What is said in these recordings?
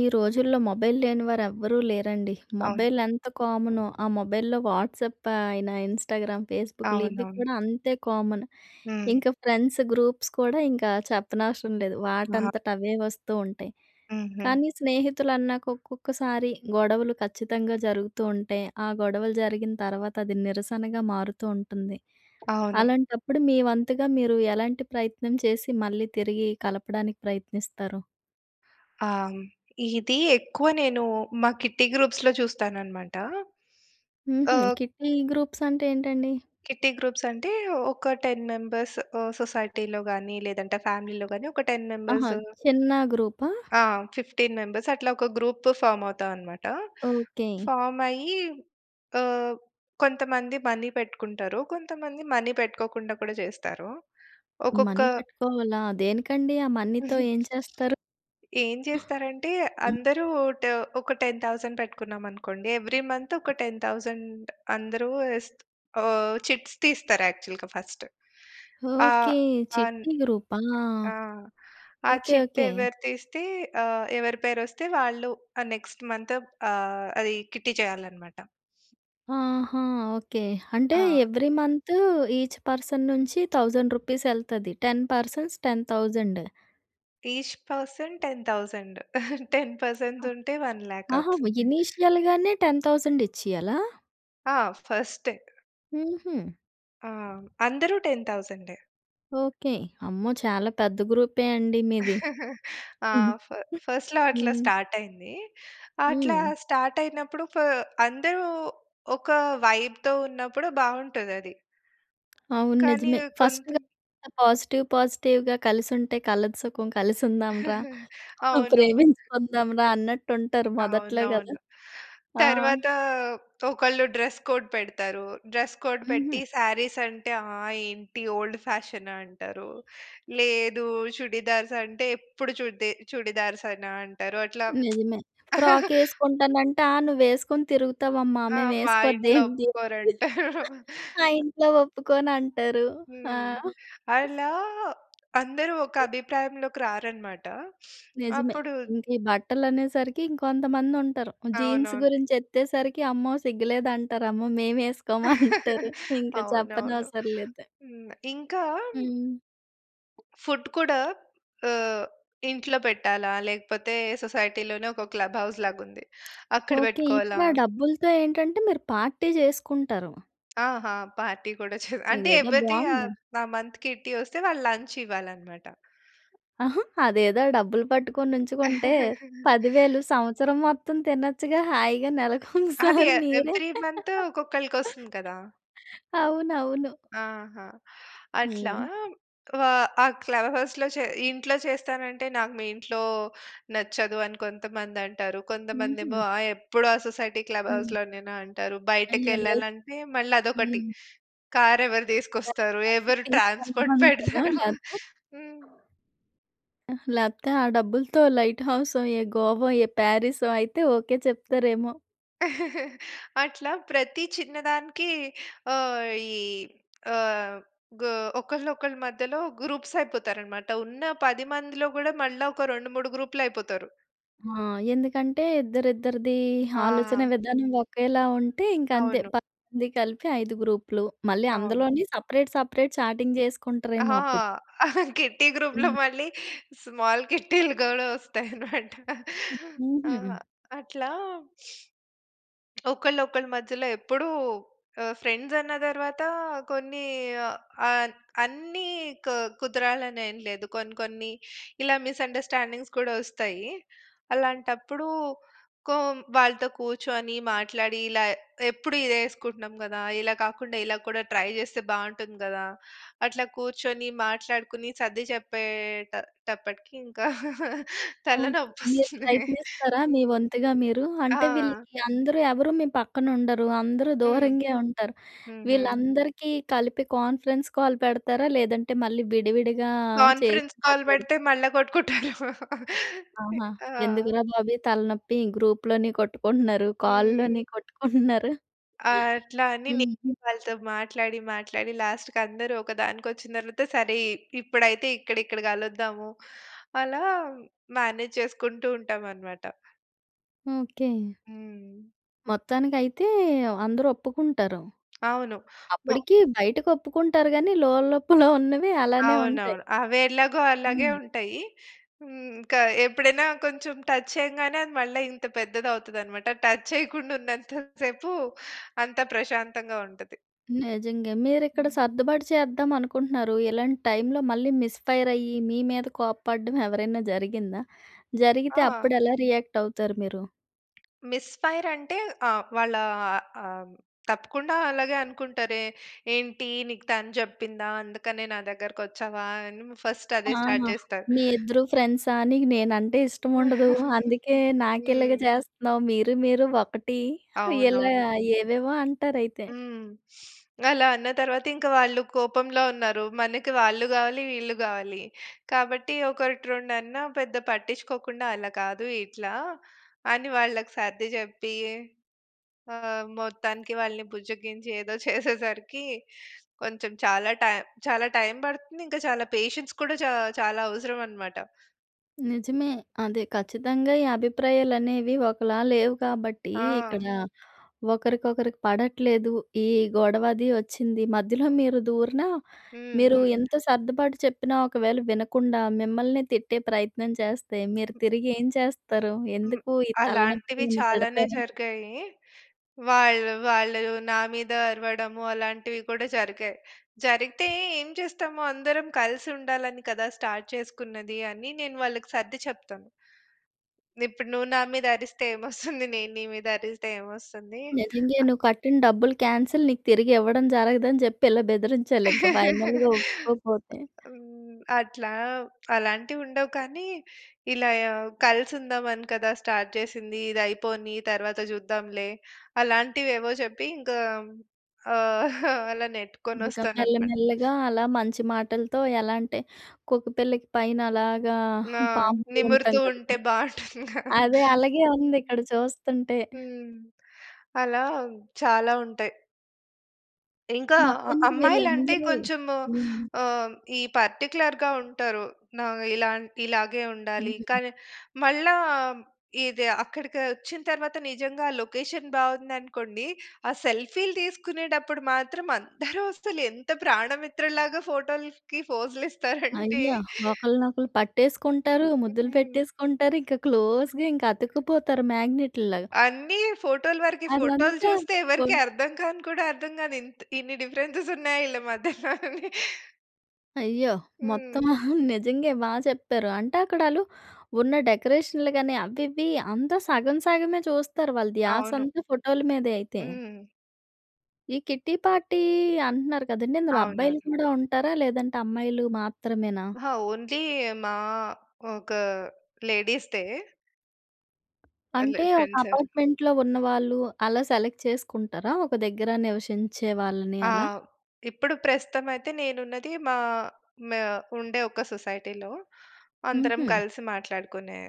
ఈ రోజుల్లో మొబైల్ లేని వారు ఎవ్వరూ లేరండి. అవును. మొబైల్ ఎంత కామనో, ఆ మొబైల్‌లో వాట్సాప్ అయిన, ఇన్‌స్టాగ్రామ్, ఫేస్‌బుక్‌లు ఇవి అవునవును. కూడా అంతే కామన్. హ్మ్. ఇంకా ఫ్రెండ్స్ గ్రూప్స్ కూడా ఇంకా చెప్పనవసరం లేదు. అహా! వాటంతట అవే వస్తూ ఉంటాయి. హుహు. కానీ స్నేహితులు అన్నాక ఒక్కొక్కసారి గొడవలు ఖచ్చితంగా జరుగుతూ ఉంటే ఆ గొడవలు జరిగిన తర్వాత అది నిరసనగా మారుతూ ఉంటుంది. అవును. అలాంటప్పుడు, మీ వంతుగా మీరు ఎలాంటి ప్రయత్నం చేసి మళ్ళీ తిరిగి కలపడానికి ప్రయత్నిస్తారు? ఆ! ఇది ఎక్కువ నేను మా కిట్టీ గ్రూప్స్‌లో చూస్తాను అన్నమాట. హుహు. ఆహ్ కిట్టి గ్రూప్స్ అంటే ఏంటండి? కిట్టీ గ్రూప్స్ అంటే ఒక 10 మెంబ‌ర్సు ఆహ్, సొసైటీలో గాని లేదంటే ఫ్యామిలీలో గాని ఒక 10 ఆహా! మెంబర్సు. చిన్న గ్రూపా? ఆ! 15 మెంబర్స్ అట్లా ఒక గ్రూపు ఫార్మ్ అవుతాం అన్నమాట. ఓకే. ఫార్మ్ అయ్యి ఆహ్, కొంతమంది మనీ పెట్టుకుంటారు. కొంతమంది మనీ పెట్టుకోకుండా కూడా చేస్తారు. ఒక్కొక్క మనీ పెట్టుకోవాలా? దేనికండి ఆ మనీతో ఏం చేస్తారు? ఏం చేస్తారంటే హ్మ్. అందరూ ట్ ఒక రూ. 10,000 పెట్టుకున్నాం అనుకోండి, ఎవ్రి మంతు ఒక రూ. 10,000 అందరు ఇస్త ఆహ్, చిట్స్ తీస్తారు యాక్చువల్‌గా ఫస్టు. ఆ! ఓకే. అన్ చిట్టి గ్రూపా! ఆ! ఆ ఓకే. Chit okay. ఎవరు తీస్తే ఆహ్, ఎవరి పేరు వస్తే వాళ్ళు ఆ నెక్స్ట్ మంత్ ఆహ్, అది కిట్టీ చేయాలి అన్నమాట. ఆహా! ఓకే. అంటే ఆ! ఎవ్రీ మంతు ఈచ్ పర్సన్ నుంచి రూ. 1000 ఎళ్తది. 10 పర్సన్స్ 10 ఈచ్ పర్సన్ రూ. 10,000 రూ. 10 పర్సెన్స్ ఉంటే రూ. 1,00,000 ఆహా! అవుతుంది. ఇనీషియల్‌గానే 10,000 ఇచ్చియాలా? ఆ! ఫస్ట్. హుహు. ఆ! అందరూ 10 ఓకే. అమ్మో! చాలా పెద్ద గ్రూపే అండి మీది. ఆ! ఫ ఫస్ట్‌లో అట్లా హ్మ్. స్టార్ట్ అయింది. అట్లా హ్మ్. అయినప్పుడు ఫ అందరూ ఒక వైబ్‌తో ఉన్నప్పుడు బావుంటదది. అవును కానీ నిజమే! ఫస్ట్‌ కొంత [unintelligible] పాజిటివ్ పాజిటివ్‌గా కలిసుంటే కలదు సుఖం, కలిసుందాంరా, ఆ! అవును. ప్రేమించుకుందాంరా అన్నట్టుంటారు మొదట్లో కదా! అవునవును. ఆ! తర్వాతా ఒకళ్ళు డ్రెస్ కోడ్ పెడతారు. డ్రెస్ కోడ్ పెట్టి హుహు. సారీస్ అంటే ఆహ్ ఏంటి ఓల్డ్ ఫ్యాషన్ అంటారు. లేదు, చుడీదార్స్ అంటే ఎప్పుడు చుడ్‌దె చుడీదార్సేనా అంటారు. అట్లా నిజమే! ఫ్రాక్ ఏసుకుంటానంటే ఆహ్, నువ్వేసుకొని తిరుగుతావమ్మా! ఆ! మా ఇంట్లో మేమేసుకోద్దేంటి! ఒప్పుకోరంటారు. ఆ ఇంట్లో ఒప్పుకోనంటారు. ఆ! హ్మ్. అలా అందరూ ఒక అభిప్రాయంలోకి రారన్నమాట. నిజమే! అప్పుడూ ఇంకీ బట్టలనేసరికి ఇంకొంతమందుంటారు. జీన్స్ అవునవును. గురించి ఎత్తేసరికి అమ్మో! సిగ్గులేదంటారు. అమ్మో! మేమేసుకోమంటారు! ఇంక అవునవును. చెప్పనవసరం లేదు. హ్మ్. ఇంకా హ్మ్. ఫుడ్ కూడా ఆహ్, ఇంట్లో పెట్టాలా? లేకపోతే సొసైటీలోనే ఒక క్లబ్ హౌస్‌లాగుంది అక్కడ ఓకే. పెట్టుకోవాలా ఇప్పుడా ఆ డబ్బులతో ఏంటంటే మీరు పార్టీ చేసుకుంటారు! ఆహా! పార్టీ కూడా చె అంటే ఇదేదో ఎవరిది ఆ బావుంది. ఆ మంత్ కిట్టి వస్తే వాళ్ళు లంచ్ ఇవ్వాలనమాట. అదేదో ఆ డబ్బులు పట్టుకొనుంచుకుంటే రూ. 10,000 సంవత్సరం మొత్తం తినచ్చుగా! హాయిగా అది నెలకోసారి ఎ మీరే! ఎవ్రీ మంత్ ఒక్కొక్కళ్ళకొస్తుంది కదా! అవునవును. ఆహా! అట్లా హ్మ్. ఆహ్, వ క్లవ్ హౌస్‌లో చె ఇంట్లో చేస్తానంటే, నాకు మీ ఇంట్లో నచ్చదు అని కొంతమందంటారు. కొంతమందేమో హుహు. ఆ ఎప్పుడూ ఆ సొసైటీ క్లబ్ హ్మ్. హౌస్‌లోనేనా అంటారు. అయ్యో! లైఫ్ బయటకెళ్ళాలంటే, మళ్ళా అదొకటి హ్మ్. కార్ ఎవరు తీసుకొస్తారు? బ్రేక్‌ఫాస్ట్‌కి ఎవరు ట్రాన్స్‌పోర్ట్ తీసుకెళ్ళమంటారా పెడతారు. లే‌తే? హ్మ్. లేపోతే ఆ డబ్బులతో లైట్ హౌసో, ఏ గోవో, ఏ పారిసో అయితే ఓకే చెప్తారేమో? అట్లా ప్రతి చిన్నదానికి ఆహ్, ఈ ఆహ్, గూ ఒకళ్ళ ఒకళ్ళ మధ్యలో గ్రూప్స్ అయిపోతారన్నమాట. ఉన్న 10 మందిలో కూడా మళ్ళా ఒక 2, 3 గ్రూప్‌లైపోతారు. ఆ! ఎందుకంటే ఇద్దరి, ఇద్దరిది ఆహా! ఆలోచనా విధానం ఒకేలా ఉంటే ఇంక అంతే, అవును. 10 మంది కలిపి, 5 గ్రూప్‌లు. మళ్ళీ అవును. అందులోని సెపరేట్, సెపరేట్ చాటింగ్ చేసుకుంటారేమో అహాహా! అప్పుడు. కిట్టీ గ్రూప్‌లో హ్మ్. మళ్ళీ స్మాల్ కిట్టీలు గూడా ఒస్తాయి అన్నమాట. ఆహ్, హుహు. అట్లా ఒకళ్ళ, ఒకళ్ళ మధ్యలో ఎప్పుడూ ఆహ్, ఫ్రెండ్స్ అన్న తరువాత కొన్ని ఆహ్, అన్నీ క్ కుదరాలనెం లేదు. కొన్ని, కొన్ని ఇలా మిసండర్స్టాండింగ్స్ కూడా ఒస్తాయి. అలాంటప్పుడు, కొ వాళ్ళతో కూర్చొని, మాట్లాడి ఇలా ఎప్పుడు ఇదే ఎసుకుంటున్నాం కదా! ఇలా కాకుండా ఇలా కూడా ట్రై చేస్తే బాగుంటుంది గదా! అట్లా కూర్చొని, మాట్లాడుకొని, సర్ది చెప్పేటటప్పటికి ఇంకా ఓకే. తలనొప్పి మీరు ఒస్తుంది. ప్రయత్నిస్తారా, మీ హ్మ్. వంతుగా మీరు? ఆ! అంటే వీళ్ళకి అందరూ ఎవరు మీ పక్కన ఉండరు. అందరూ హ్మ్. దూరంగే ఉంటారు. హుహు. వీళ్ళందరికీ కలిపి కాన్ఫరెన్స్ కాల్ పెడతారా? లేదంటే, మళ్ళీ విడివిడిగా చేసి కాన్ఫరెన్స్ కాల్ మాట్లాడు పెడితే మళ్ళా కొట్టుకుంటారేమో ఇ ఆహా! ఆ! ఎందుకురా బాబు ఈ తలనొప్పి, గ్రూప్‌లోని కొట్టుకుంటున్నారు. హ్మ్. కాల్‌ల్లోని కొట్టుకుంటున్నారు. ఆహ్, అట్లా అని నేనె హుహు. వాళ్ళతో మాట్లాడి, మాట్లాడి లాస్ట్‌కి అందరూ ఒకదానికి ఒచ్చిన తరువాత సరే, ఇ ఇప్పుడైతే ఇక్కడ, ఇక్కడ కలుద్దాము. అలా మేనేజ్ చేసుకుంటూ ఉంటాం అన్నమాట. ఓకే. హ్మ్. మొత్తానికైతే అందరూ ఒప్పుకుంటారు. అవును. మొ అప్పటికి బయటకి ఒప్పుకుంటారు గాని, లోలోపల ఉన్నవి అలానే ఉంటాయి. అవునవును. అవి ఎలాగో అలాగే హ్మ్. ఉంటాయి. హ్మ్‌, కా ఎప్పుడైనా కొంచెం టచ్ చేయంగానే అది మళ్ళా ఇంత పెద్దది అవుతదన్నమాట టచ్ చేయకుండా ఉన్నంత సేపు అంత ప్రశాంతంగా ఉంటది. నిజంగే. మీరు ఇక్కడ హ్మ్. సర్దుబాటు చేద్దాం అనుకుంటున్నారు. ఇలాంటి టైమ్‌లో మళ్ళీ మిస్ ఫైర్ అయ్యి, మీ మీద కోప్పడడం ఎవరైనా జరిగిందా? జరిగితే ఆ! అప్పుడు ఎలా రియాక్ట్ అవుతారు మీరు? మిస్ ఫైర్ అంటే ఆ! వాళ్ళా ఆహ్, తప్పకుండా అలాగే అనుకుంటారే, "ఏంటి నీకు తను చెప్పిందా? అందుకనే నా దగ్గరకి వచ్చావా?" అని ఫస్ట్ అదే స్టార్ట్ ఆహా! చేస్తారు. "మీ ఇద్దరు ఫ్రెండ్సా, నీకు నేనంటే ఇష్టం ఉండదు. అందుకే నాకు ఇలాగ హ్మ్. చేస్తున్నావు. మీరు మీరు ఒకటి" ఇలా అవునవును. ఏవేవో అంటారు అయితే. హ్మ్. అలా అన్న తరువాత ఇంక వాళ్ళు కోపంలో ఉన్నారు. మనకు వాళ్ళు కావాలి, వీళ్ళు కావాలి. కాబట్టి ఒకటి రెండన్నా పెద్ద పట్టించుకోకుండా "అలా కాదు ఇట్లా" అని వాళ్ళకి సర్ది చెప్పి ఆహ్, మొత్తానికి వాళ్ళని బుజ్జగించి, ఏదో చేసేసరికి కొంచెం చాలా టైమ్ చాలా టైమ్ పడుతుంది ఇక చాలా పేషెన్స్ కూడా చా చాలా అవసరం అన్నమాట. నిజమే. అది ఖచ్చితంగా ఈ అభిప్రాయాలు అనేవి ఒకలా లేవు కాబట్టి, ఆ! ఇక్కడ ఒకరికొకరికి పడట్లేదు. ఈ గొడవ అది ఒచ్చింది. మధ్యలో మీరు దూరినా హ్మ్. మీరు హ్మ్. ఎంత సర్దుబాటు చెప్పినా ఒకవేళ వినకుండా, మిమ్మల్ని తిట్టే ప్రయత్నం చేస్తే, మీరు తిరిగి ఏం చేస్తారు? హ్మ్. ఎందుకు ఈ తలనొప్పి అలాంటివి అని చాలానే తిడతార? జరిగాయి. వాళ్ళు, వాళ్ళు నా మీద అరవడము అలాంటివి కూడా జరిగాయి. జరిగితే ఏం చేస్తాము, "అందరం కలిసి ఉండాలని కదా! స్టార్ట్ చేసుకున్నది" అని నేను వాళ్ళకి సర్ది చెప్తాను. ఇప్పుడు నువ్వు నా మీద అరిస్తే ఏమొస్తుంది. నేను నీ మీద అరిస్తే ఏమొస్తుంది? నిజంగే, అ నువ్వు కట్టిన డబ్బులు కాన్సెల్. నీకు తిరిగి ఇవ్వడం జరగదని జెప్పి. ఇలా బెదిరించాలి ఇంక ఫైనల్‌గా ఒప్పుకోపోతే. హ్మ్, అట్లా. అలాంటివి ఉండవు కానీ, ఇలా యా "కలిసి ఉందాం అని కదా! స్టార్ట్ చేసింది. ఇది అయిపోని తరువాత జూద్దాంలే." అలాంటివి ఏవో చెప్పి ఇంకా ఆహ్, అలా నెట్టుకొని ఇంకా ఒస్తాననమాట. మెల్లమెల్లగా అలా మంచి మాటలతో ఎలా అంటే, కుక్కపిల్లకి పైన అలాగా ఆ! పాముతూ ఉంటాం నిమురుతూ కదా! ఉంటే బాంటుందిగా! అదే అలాగే హ్మ్. ఉంది ఇక్కడ చూస్తుంటే. హ్మ్. అలా చాలా ఉంటాయి. ఇంకా అ మొత్తానికి అమ్మాయిలంటే వీళ్ళందరూ కొంచెం హ్మ్. ఆహ్, ఈ పార్టిక్యులర్‌గా ఉంటారు. న ఇలా ఇలాగే ఉండాలి. హ్మ్. కానీ, మళ్ళా ఇది అక్కడికి వచ్చిన తర్వాత నిజంగా ఆ లొకేషన్ బాగుందనుకోండి. ఆ సెల్ఫీలు తీసుకునేటప్పుడు మాత్రం అందరూ అసలు ఎంత ప్రాణమిత్రులాగా ఫోటోల్‌కి ఫోజులిస్తారంటే. అయ్యా! ఒకళ్ళనొకళ్ళు పట్టేసుకుంటారు, ముద్దులు హ్మ్. పెట్టేసుకుంటారు. ఇంకా క్లోజ్‌గా ఇంకా అతుక్కుపోతారు మాగ్నెటులాగ. అన్ని ఫోటో‌లు వరకే. ఫోటో‌లు అదంతా చూస్తే కొ ఎవరికి అర్థంకాను కూడా, అర్థం కాదు. ఇంత ఇన్ని డిఫరెన్స్ ఉన్నాయి వీళ్ళ మధ్యలా అని. అయ్యో! హ్మ్. మొత్తమా నిజంగా బాగా చెప్పారు. అంటే అక్కడ వాళ్ళు ఉన్న డెకరేషన్‌లు గాని, అవి ఇవి అంతా సగం సగమే చూస్తారు. వాళ్ళ అవును. ధ్యాసంతా ఫోటోలు మీద అయితే. హ్మ్. ఈ కిట్టి పార్టీ అంటున్నారు కదండీ! ఇందులో అబ్బాయిలు అవునవును. కూడా ఉంటారా? లేదంటే అమ్మాయిలు మాత్రమేనా? అహా! ఓన్లీ మా ఒక లేడీస్‌దే. అ! అంటే, లేదు ఒక ఫ్రెండ్స్ [unintelligible] అపార్ట్మెంట్‌లో ఉన్నవాళ్ళు, అలా సెలెక్ట్ చేసుకుంటారా? ఒక దగ్గర నివసించే వాళ్ళని ఆ! అలా. ఇప్పుడు ప్రస్తుతం అయితే నేను ఉన్నది. మా మా ఉండే ఒక సొసైటీలో. అందరం హుహు. కలిసి మాట్లాడుకునే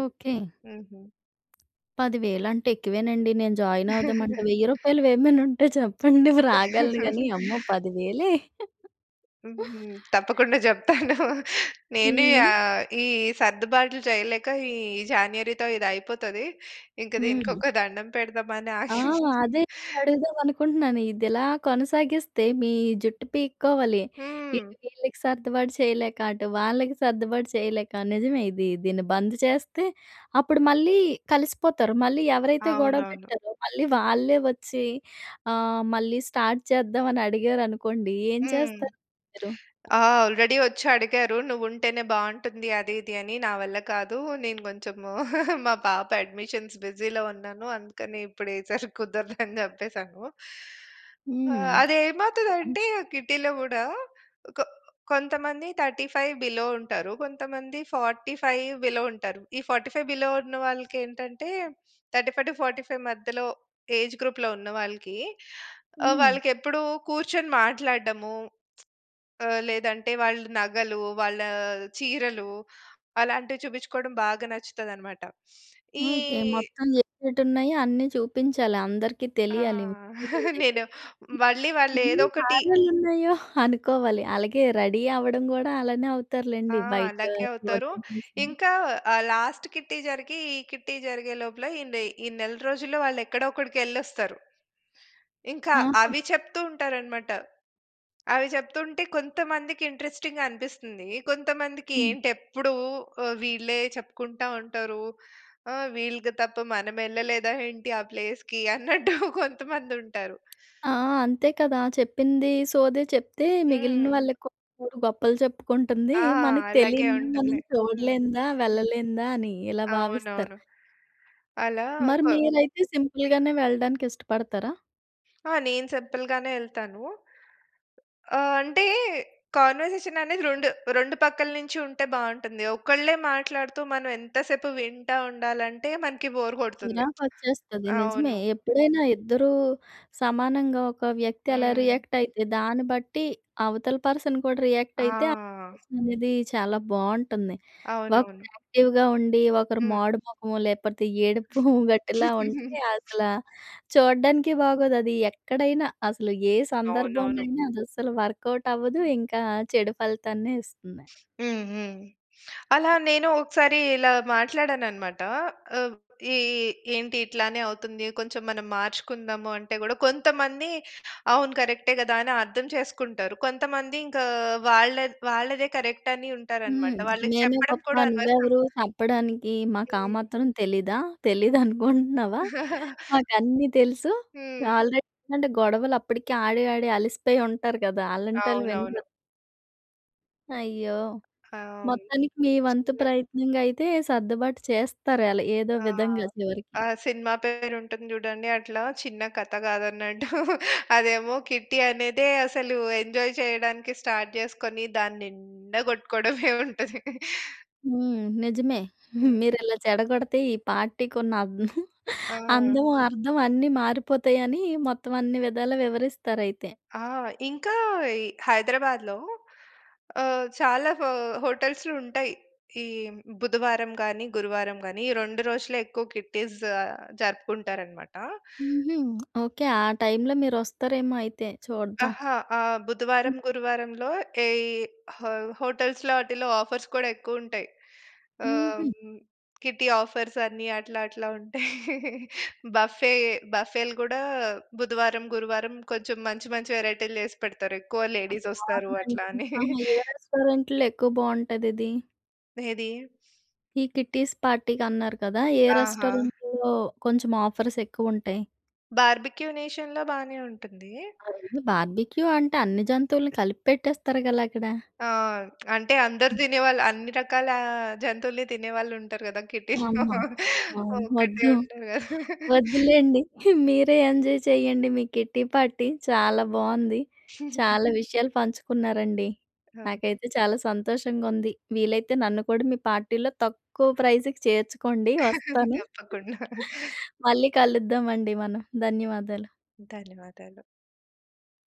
ఓకె. హ్మ్. 10000 అంటే ఎక్కువేనండి. నేను జాయిన్ అవుదామంటే వెయ్యి రూపాయలువి ఏమైనా ఉంటే చెప్పండి రాగలను గాని, అమ్మో! పదివేలే! హుహు. తప్పకుండా చెప్తాను. నేను హ్మ్. ఆహ్, ఈ సర్దుబాటు‌లు చేయలేక ఈ జాన్యురీతో ఇది అయిపోతది. ఇంక దీనికి హ్మ్. ఒక దండం పెడదాం అని ఆ! ఆషి అదే అడుగుదాం అనుకుంటున్నాను. ఇది ఇలా కొనసాగిస్తే మీ జుట్టు పీక్కోవాలి. హ్మ్. ఇటు వీళ్ళకి సర్దుబాటు చేయలేక, అటు వాళ్ళకి సర్దుబాటు చేయలేక. నిజమే ఇది దీన్ని బంద్ చేస్తే అప్పుడు మళ్ళీ కలిసిపోతారు. మళ్ళీ ఎవరైతే గొడవ అవునవును. పెట్టారో మళ్ళీ వాళ్ళే వచ్చి "ఆహ్, మళ్ళీ స్టార్ట్ చేద్దాం" అని అడిగారనుకోండి. ఏం హ్మ్. చేస్తారు మీరు? ఆ! ఆల్రెడీ ఒచ్చి అడిగారు. నువ్వుంటేనే బాగుంటుంది అది ఇది అని. నా వల్ల కాదు. నేను కొంచెం మా పాప అడ్మిషన్స్ బిజీలో ఉన్నాను అందుకని ఇప్పుడు ఈ సారి కుదరదు, అని చెప్పేసాను. హ్మ్. అది ఏమవుతది అంటే కిట్టీలో కూడా కొ కొంతమంది 35 బిలో ఉంటారు. కొంతమంది 45 బిలో ఉంటారు. ఈ 45 బిలో ఉన్న వాళ్ళకి ఏంటంటే 35-45 మధ్యలో ఏజ్ గ్రూప్‌లో ఉన్నవాళ్ళకి ఆహ్, హ్మ్. వాళ్ళకి ఎప్పుడు కూర్చొని మాట్లాడడము. ఆహ్, లేదంటే వాళ్ళ నగలు, వాళ్ళ చీరలు అలాంటివి చూపించుకోవడం బాగా నచ్చుతది అన్నమాట. ఈ ఓకె. మొత్తం ఏటి ఏటున్నాయి అన్నీ చూపించాలి, అందరికి ఆ! తెలియాలి. నేను [unintelligible] మళ్ళీ వాళ్ళు ఏదో ఎన్ని ఒకటి సార్లు ఉన్నాయో అనుకోవాలి. అలాగే రెడీ అవ్వడం కూడా అలానే అవుతారు ఆ! లెండి. బయట అలాగే అవుతారు. చూడడం ఇంకా ఆహ్, లాస్ట్ కిట్టీ జరిగీ, ఈ కిట్టీ జరిగే లోపల ఇందె ఈ నెల రోజుల్లో వాళ్ళు ఎక్కడో ఒకడికి వెళ్ళొస్తారు. ఇంకా ఆహా! అవి చెప్తూ ఉంటారు అన్నమాట. అవి చెప్తుంటే కొంతమందికి ఇంట్రెస్టింగ్‌గా అనిపిస్తుంది. కొంతమందికి హ్మ్. ఏంటి ఎప్పుడు ఆహ్, వీళ్ళే చెప్పుకుంటా ఉంటారు. ఆహ్, వీళ్ళకి తప్ప మనం వెళ్ళలేదా ఏంటి ఆ ప్లేస్‌కి అన్నట్టు కొంతమంది ఉంటారు. ఆ! అంతే కదా! చెప్పింది సోది చెప్తే, మిగిలిన హ్మ్. వాళ్ళకి గొప్పలు చెప్పుకుంటుంది. ఆ! మనకు అలాగే తెలియనిదా, మనం ఉంటుంది. హ్మ్. చూడలేందా వెళ్ళలేందా అని, ఇలా భావిస్తారు. అవునవును. అలా మరి ఒక మీరైతే సింపుల్‌గానే వెళ్ళడానికి ఇష్టపడతారా? ఆ! నేను సింపుల్‌గానే ఎళ్తాను. ఆహ్, అంటే కన్వర్జేషన్ అనేది రెండు, రెండు పక్కల నుంచి ఉంటే బావుంటుంది. ఒకళ్ళే మాట్లాడుతూ మనం ఎంత సేపు వింటా ఉండాలంటే మనకు బోర్ కొడుతుంది. చిరాకొచ్చేస్తాది నిజమే. అవును. ఎప్పుడైనా ఇద్దరు సమానంగా ఒక వ్యక్తి ఎలా హ్మ్. రియాక్ట్ అయితే, దాన్ని బట్టి అవతల పర్సన్ కూడా రియాక్ట్ అయితే ఆ! రిలేషన్ అనేది చాలా బావుంటుంది. ఒకరు అవునవును. యాక్టివ్‌గా ఉండి, ఒకరు హ్మ్. మాడు మొఖము లేకపోతే ఏడుపు గొట్టు‌లా ఉంటే అసలు చూడడానికి బాగోదు. అది ఎక్కడైనా, అసలు ఏ అవునవును. సందర్భమైనా అది అస్సలు వర్కౌట్ అవ్వదు. ఇంకా చెడు ఫలితాన్నే ఇస్తుంది. హ్మ్, హ్మ్. అలా నేను ఒకసారి ఇలా మాట్లాడానన్నమాట. ఆహ్, ఇ ఇ ఏంటి ఇట్లానే అవుతుంది. కొంచెం మనం మార్చుకుందాము అంటే కూడా కొంతమంది "అవును కరెక్టే కదా!" అని అర్థం చేసుకుంటారు. కొంతమంది ఇంకా వాళ్ళ వాళ్ళదే కరెక్ట్ అని ఉంటారు అన్నమాట. హ్మ్. వాళ్ళకి "మేమే చెప్పడం గొప్ప కూడా నువ్వు అనవసరం. ఎవరు చెప్పడానికి? మాకు ఆ హ్మ్. మాత్రం తెలీదా? హ్మ్. తెలీదనుకుంటున్నావా? మాకు అన్నీ తెలుసు." హ్మ్. ఆల్రెడీ ఏంటంటే గొడవలు అప్పటికి ఆడి ఆడి అలిసిపోయి ఉంటారు కదా! అలాంటోళ్ళు వినరు. అవునవును. అయ్యో! అహ్, హ్మ్. మొత్తానికి మీ వంతు చిన్నగ ప్రయత్నంగా అయితే సర్దుబాటు చేస్తారు. ఏలా ఏదో ఆ! విధంగా చివరికి. ఆ సినిమా పేరు ఉంటుంది చూడండి! అట్లా చిన్న కథ కాదన్నట్టు, అదేమో కిట్టీ అనేదే అసలు ఎంజాయ్ చేయడానికి స్టార్ట్ చేసుకొని దాన్నిండా కొట్టుకోవడమే ఉంటది. హ్మ్. నిజమే హ్మ్. మీరు ఇలా చెడగొడితే ఈ పార్టీకి ఉన్న అన్ ఆ! అందం, అర్థం అన్నీ మారిపోతాయని, మొత్తం అన్ని విధాలా వివరిస్తారు అయితే. ఆ! ఇంకా ఈ 'హైదరాబాద్‌లో' ఆహ్, చాలా హొ హోటల్స్‌లు ఉంటాయి. ఈ బుధవారం గాని, గురువారం గాని ఈ రెండు రోజులే ఎక్కువ కిట్టీస్ జరుపుకుంటారనమాట. హుహు. ఓకే. ఆ టైంలో మీరు వస్తారేమో అయితే చూద్దాం? అహా! ఆహ్, బుధవారం, హ్మ్. గురువారంలో ఎయి హొ హొటల్స్‌లో ఆటిల్లో ఆఫర్స్ కూడా ఎక్కువ ఉంటయి. ఆహ్, హుహు. హ్మ్. కిట్టీ ఆఫర్స్ అని అట్లా, అట్లా ఉంటయి. బఫే బఫేలు కూడా బుధవారం, గురువారం కొంచెం మంచి, మంచి వేరైటీలు చేసి పెడతారు. ఎక్కువ లేడీస్ వస్తారు ఆర్డనరీ అట్లా ఏ అని. ఆహా! రెస్టారెంట్‌లో ఎక్కువ బావుంటది ఇది? ఏది? ఈ కిట్టీస్ పార్టీకి అన్నారు కదా! ఏ ఆహా! రెస్టారెంట్‌లో కొంచెం ఆఫర్స్ ఎక్కువ ఉంటాయి? 'బార్బిక్యూ నేషన్‌లో' బానే ఉంటుంది. అవన్నీ బార్బిక్యూ అంటే, అన్ని జంతువుల్ని కలిపెట్టేస్తారు కలా అక్కడ. ఆ! అంటే అందరు హ్మ్. తినేవాళ్ళు అన్ని రకాల జంతువుల్ని తినేవాళ్ళు ఉంటారు కదా! కిట్టీ‌లో. అమ్మా! ఆమ్ ఒక్కటే వద్దు. ఉండదు కదా! వద్దులెండి. మీరే ఎంజాయ్ చేయండి, మీ కిట్టి పార్టీ. చాలా బావుంది. చాలా విషయాలు పంచుకున్నారండి. ఆా! నాకైతే చాలా సంతోషంగా ఉంది. వీలైతే నన్ను కూడా మీ పార్టీలో తక్కువ ప్రైజ్‌కి చేర్చుకోండి వస్తాను. తప్పకుండా. మళ్ళీ కలుద్దాం అండి మనం. ధన్యవాదాలు. ధన్యవాదాలు.